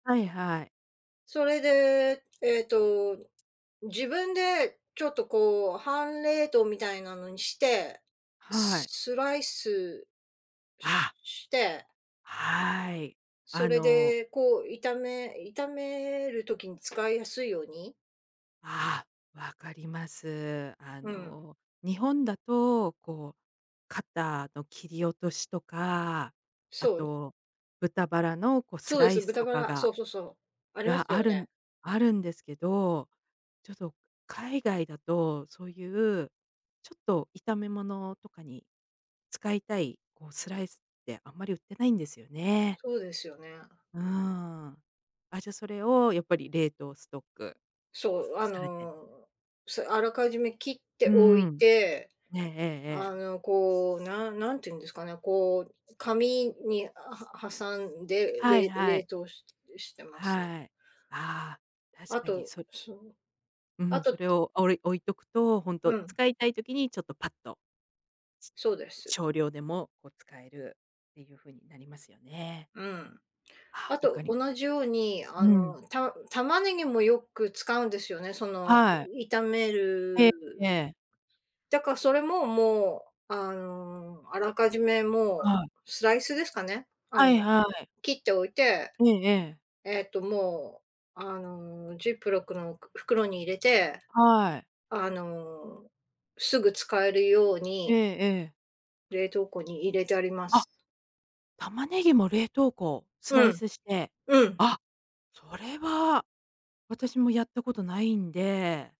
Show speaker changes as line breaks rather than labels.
はいはい。
それで、えっと、自分でちょっとこう半冷凍みたいなのにして、
は
ス
い。
スライス、しゅ
あ。
して。
はい、
そ
あ
れ
の。
でこう炒め炒める時に使いやすいように
ああ、分かります。あ
うん。
の日本だと、こう、肩の切り落としとか、あ
そう。
と、豚バラのこうス
そうで
ライ
す、
ス
豚
と
バ
か
ラ、そ
が
うそうそう。あります
があ
よ
るん
ね。
あるんですけど、ちょっと海外だとそういう、ちょっと炒め物とかに、使いたい、こうスライスってあんまり売ってないんですよね。
そうですよね。
うん。あ、じゃそれをやっぱり冷凍ストック
そう、あ
されて。
の、そう、あらかじめ切って
う
おい
ん。
て、
えええええ
あ
え。
のこう、なん、な何て言うんですかね、こう、紙に、あ、は挟んで、
はい
れ
は
冷
い。
凍ししてますね。
はい。ああ、確
あ
かに
と、
そ。
そう。
う
あ
ん、そ
と
れをおい、置いとくと、ほん
う
と
ん。
使いたい時にちょっとパッと。
そうです。
少量でも、こう使えるっていうふうになりますよね。
うん。
あ
あ
あ、分か
と、
りま
同じように、あ
うん。
のた玉ねぎもよく使うんですよね、その
はい。
炒め
えええ
る、
え。
だからそれも、もう、あのあらかじめ
は
も
い。
う、スライスですかね、あ
は
の
いはい。
切っておいて、
ええええ。
えっともう、あの、ジップロックのく、袋に入れて、
はい。
あの、すぐ使えるよう
ええ
に
ええ。
冷凍庫に入れてありま
あ。
す。
玉ねぎも冷凍庫スラ
う
イ
ん。
スして、
うん。
あ、それは、私もやったことないんで。